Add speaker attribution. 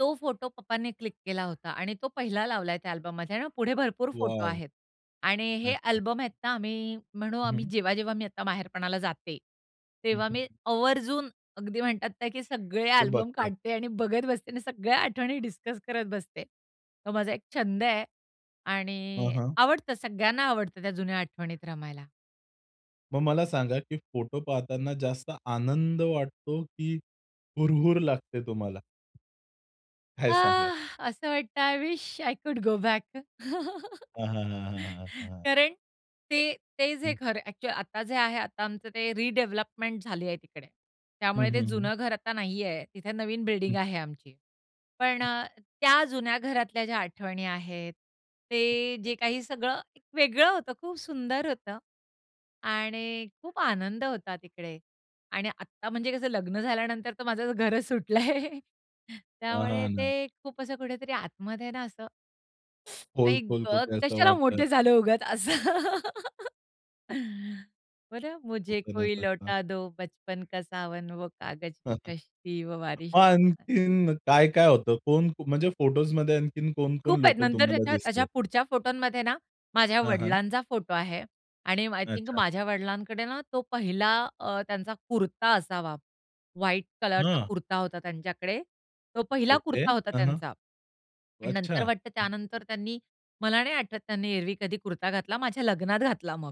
Speaker 1: तो फोटो पप्पांनी क्लिक केला होता आणि तो पहिला लावलाय त्या अल्बममध्ये, आणि पुढे भरपूर फोटो
Speaker 2: वॉव!
Speaker 1: आहेत. आणि हे
Speaker 2: अच्छा.
Speaker 1: अल्बम आहेत ना, आम्ही म्हणू
Speaker 2: हं,
Speaker 1: आम्ही
Speaker 2: हं.
Speaker 1: जेव्हा-जेव्हा मी आता माहेरपणाला जाते,
Speaker 2: हं,
Speaker 1: तेव्हा मी
Speaker 2: हं.
Speaker 1: आवर्जून, अगदी म्हणतात ना, की सगळे
Speaker 2: ते
Speaker 1: अल्बम
Speaker 2: बघतात.
Speaker 1: काढते आणि बघत बसते आणि सगळ्या आठवणी डिस्कस करत बसते. तो माझा एक छंद आहे,
Speaker 2: हं,
Speaker 1: आणि
Speaker 2: हं.
Speaker 1: आवडतं सगळ्यांना आवडतं त्या जुन्या आठवणीत रमायला.
Speaker 2: मग मला सांगा, की फोटो पाहताना जास्त आनंद वाटतो, की हुरहूर लागते तुम्हाला? काय
Speaker 1: अ,
Speaker 2: सांगाल?
Speaker 1: असं वाटतंय I wish, I could go back.
Speaker 2: हां, हां, हां, हां, हां.
Speaker 1: कारण ते ते जे
Speaker 2: हं.
Speaker 1: घर ॲक्चुअली आता जे आहे, आता आमचं ते रिडेव्हलपमेंट झाली आहे तिकडे,
Speaker 2: हं,
Speaker 1: त्यामुळे ते
Speaker 2: हं, हं.
Speaker 1: जुनं घर आता नाहीये. तिथे नवीन बिल्डिंग
Speaker 2: हं.
Speaker 1: आहे आमची. पण
Speaker 2: हं.
Speaker 1: अ, त्या जुन्या घरातल्या ज्या आठवणी आहेत,
Speaker 2: हं.
Speaker 1: ते जे काही सगळं एक वेगळं होतं, खूप सुंदर होतं. आणि खूप आनंद होता तिकडे आणि आत्ता म्हणजे कसं लग्न झाल्यानंतर तर माझं घरच सुटलंय,
Speaker 2: पहा
Speaker 1: त्यामुळे
Speaker 2: ना.
Speaker 1: ते खूप असं कुठेतरी आतमध्ये आहे ना असं. आई
Speaker 2: खोल-खोल
Speaker 1: गं,
Speaker 2: कुठे असं
Speaker 1: कशाला
Speaker 2: वाटतं.
Speaker 1: मोठे झालो उगाच असं. बरं, मुझे
Speaker 2: [unintelligible]
Speaker 1: कोई
Speaker 2: असतात.
Speaker 1: लौटा दो बचपन का सावन, वो कागज
Speaker 2: हं,
Speaker 1: की
Speaker 2: हं.
Speaker 1: कश्ती व बारिश.
Speaker 2: मग आणखीन काय काय होतं? कोण म्हणजे, फोटोजमध्ये आणखीन कोण-कोण
Speaker 1: खूप आहेत,
Speaker 2: लोकं
Speaker 1: नंतर.
Speaker 2: तुम्हाला
Speaker 1: त्याच्या अशा
Speaker 2: दिसलेत?
Speaker 1: पुढच्या फोटोमध्ये ना, माझ्या
Speaker 2: हां, हां.
Speaker 1: वडिलांचा फोटो आहे. आणि आय थिंक,
Speaker 2: अच्छा.
Speaker 1: माझ्या वडिलांकडे ना तो पहिला अ, त्यांचा कुर्ता असावा. व्हाईट कलरचा
Speaker 2: हां.
Speaker 1: कुर्ता होता त्यांच्याकडे. तो पहिला
Speaker 2: ओके,
Speaker 1: कुर्ता होता
Speaker 2: हां, हां
Speaker 1: त्यांचा आणि
Speaker 2: अच्छा,
Speaker 1: नंतर, वाटतं
Speaker 2: हं.
Speaker 1: त्यानंतर त्यांनी मला नाही आठवत त्यांनी एरव्ही कधी कुर्ता घातला, माझ्या लग्नात घातला मग.